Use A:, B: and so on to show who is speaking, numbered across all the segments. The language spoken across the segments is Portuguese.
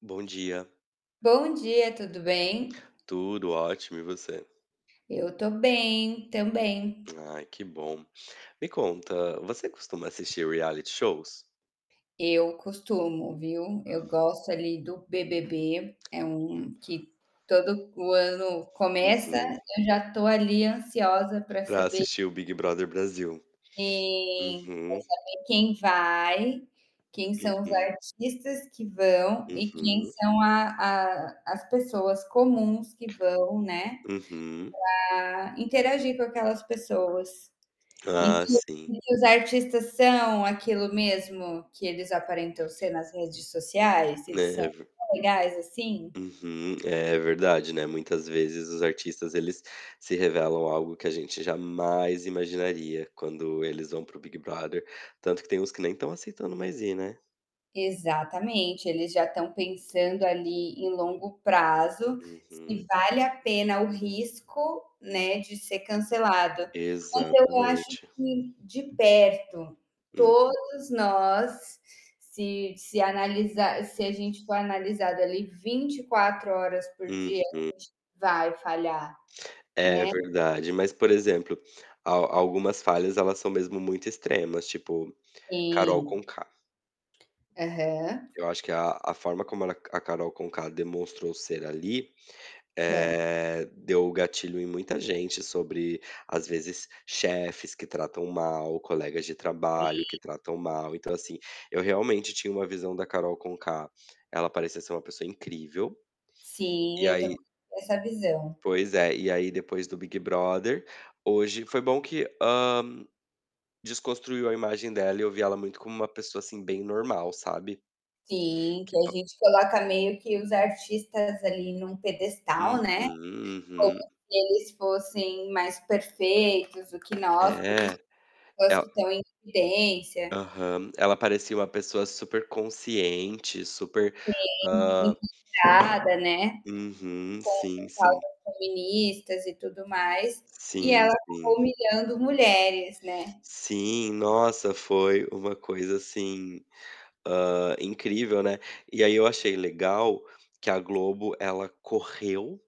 A: Bom dia.
B: Bom dia, tudo bem?
A: Tudo ótimo e você?
B: Eu tô bem também.
A: Ai, que bom. Me conta, você costuma assistir reality shows?
B: Eu costumo, viu. Eu gosto ali do BBB, é um que todo o ano começa,
A: Uhum.
B: eu já tô ali ansiosa pra
A: Pra
B: saber
A: assistir o Big Brother Brasil.
B: Sim, pra
A: Uhum.
B: saber quem vai, quem são os
A: Uhum.
B: artistas que vão e quem
A: Uhum.
B: são a a as pessoas comuns que vão, né,
A: Uhum.
B: pra interagir com aquelas pessoas. E se
A: Ah, sim.
B: os artistas são aquilo mesmo que eles aparentam ser nas redes sociais, se eles são
A: É ver
B: tão legais, assim?
A: Uhum. É, verdade, né, muitas vezes os artistas eles se revelam algo que a gente jamais imaginaria quando eles vão para o Big Brother, tanto que tem uns que nem estão aceitando mais ir, né.
B: Exatamente. Eles já estão pensando ali em longo prazo se
A: Uhum.
B: vale a pena o risco, né, de ser cancelado, mas eu acho
A: Exatamente.
B: que de perto,
A: Hum.
B: todos nós, se se analisar se a gente for analisado ali 24 horas por dia, a
A: Uhum.
B: gente vai falhar,
A: É
B: né.
A: verdade, mas, por exemplo, al algumas falhas elas são mesmo muito extremas tipo, Carol
B: Sim.
A: Conká.
B: Aham.
A: Eu acho que a a forma como ela a Carol Conká demonstrou ser ali,
B: Certo.
A: eh, deu o gatilho em muita gente sobre às vezes chefes que tratam mal, colegas de trabalho que
B: Sim.
A: tratam mal. Então, assim, eu realmente tinha uma visão da Carol Conká, ela parecia ser uma pessoa incrível. E
B: Sim, eu também
A: aí
B: tenho essa visão.
A: Pois é. E aí, depois do Big Brother, hoje foi bom que, hã, desconstruiu a imagem dela e eu vi ela muito como uma pessoa, assim, bem normal, sabe.
B: Sim, que
A: Que
B: a
A: pa
B: gente coloca meio que os artistas ali em um
A: Uhum,
B: pedestal, né, como
A: uhum.
B: se eles fossem mais perfeitos do que nós, por isso
A: É.
B: são pessoas
A: Ela
B: que estão em evidência.
A: Aham. Ela parecia uma pessoa superconsciente, super,
B: Sim,
A: hã
B: empoderada, né,
A: Uhum. Sim,
B: com
A: sim.
B: pautas feministas e tudo mais e
A: Sim,
B: ela acabou
A: sim.
B: humilhando mulheres, né.
A: Sim. Nossa, foi uma coisa assim, hã, incrível, né. E aí eu achei legal que a Globo, ela correu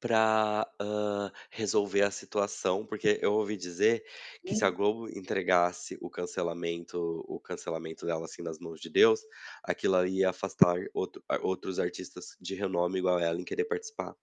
A: pra, hã, resolver a situação, porque eu ouvi dizer que se a
B: Hum.
A: Globo entregasse o cancelamento o cancelamento dela, assim, nas mãos de Deus, aquilo ali ia afastar outro a outros artistas de renome igual a ela, em querer participar.